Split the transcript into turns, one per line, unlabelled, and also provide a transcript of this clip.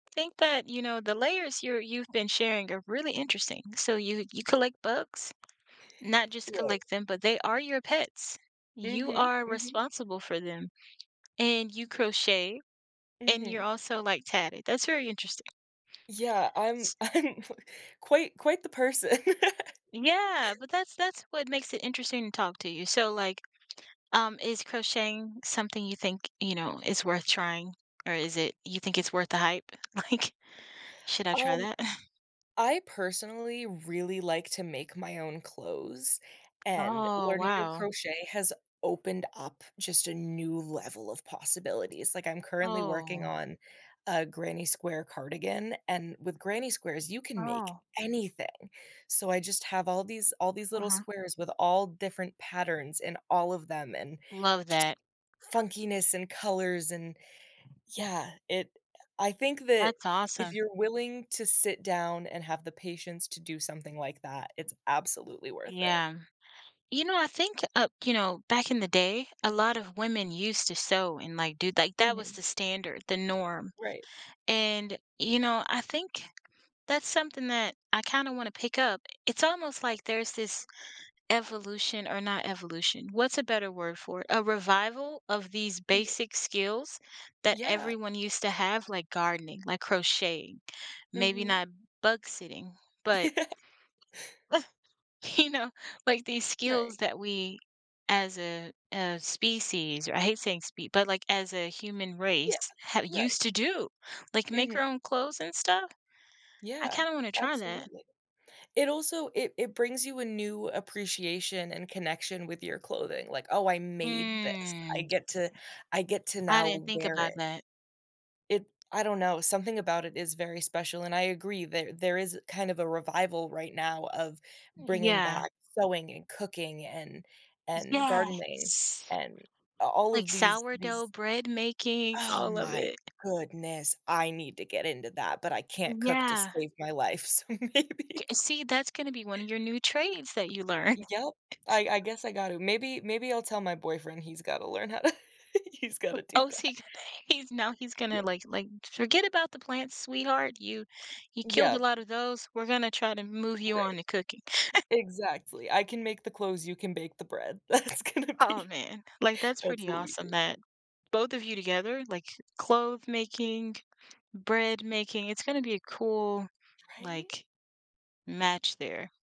Think that, you know, the layers you're you've been sharing are really interesting, so you you collect bugs? Not just
Right.
collect them, but they are your pets. You
Mhm,
are
mhm.
responsible for them, and you crochet, and you're
Mhm.
also, like, tatted, that's very interesting.
Yeah, I'm
S
I'm quite quite the person.
Yeah, but that's that's what makes it interesting to talk to you, so, like, um, is crocheting something you think, you know, is worth trying, or is it you think it's worth the hype, like, should I try
Um,
that?
I personally really like to make my own clothes, and
Oh,
learning to
wow.
crochet has opened up just a new level of possibilities, like, I'm currently working
Oh.
on a granny square cardigan, and with granny squares, you can make
Oh.
anything, so I just have all these all these little
Uh-huh.
squares with all different patterns in all of them and
Love
just
that.
funkiness and colors, and yeah, it I think that
That's
if
awesome.
you're willing to sit down and have the patience to do something like that, it's absolutely worth it.
Yeah. You know, I think, uh, you know, back in the day, a lot of women used to sew and, like, do like, that was
Mhm.
the standard, the norm,
Right.
and, you know, I think that's something that I kinda wanna pick up. It's almost, like, there's this evolution or not evolution, what's a better word for it, a revival of these
Mhm.
basic skills that
Yeah.
everyone used to have, like, gardening, like, crocheting, maybe
Mhm.
not bug sitting, but you know, like, these
Right.
skills that we as a as species or I hate saying spe but, like, as a human race
Yeah.
have
Right.
used to do, like, make
Mhm.
our own clothes and stuff. I
Yeah,
kinda wanna try that.
absolutely. It also it it brings you a new appreciation and connection with your clothing, like, oh, I made this. I
Hmm.
get to I get to
I didn't
now
think
wear
about
it.
that.
It I don't know, something about it is very special, and I agree that there is kind of a revival right now of
Y
bringing
yeah.
back sewing and cooking and and gardening
Yes,
and a all
like,
of these
sourdough
these
bread making,
Oh
all of
my
it.
goodness, I need to get into that, but I can't cook to
Yeah.
save my life, so maybe.
J see, that's gonna be one of your new trades that you learn.
Yep, I I guess I got to. Maybe maybe I'll tell my boyfriend he's got to learn how to he's got to do
Oh, is
that.
he he's now he's
Yeah.
gonna, like like, "Forget about the plants, sweetheart, you you killed a
Yep.
lotta those, we're gonna try to move you
Right.
on to cooking."
Exactly, I can make the clothes, you can bake the bread. That's gonna
Oh,
be
man, like, that's
that's
pretty
what we
awesome
do.
that both of you together, like, clothe making, bread making, it's gonna be a cool,
Right?
like, match there.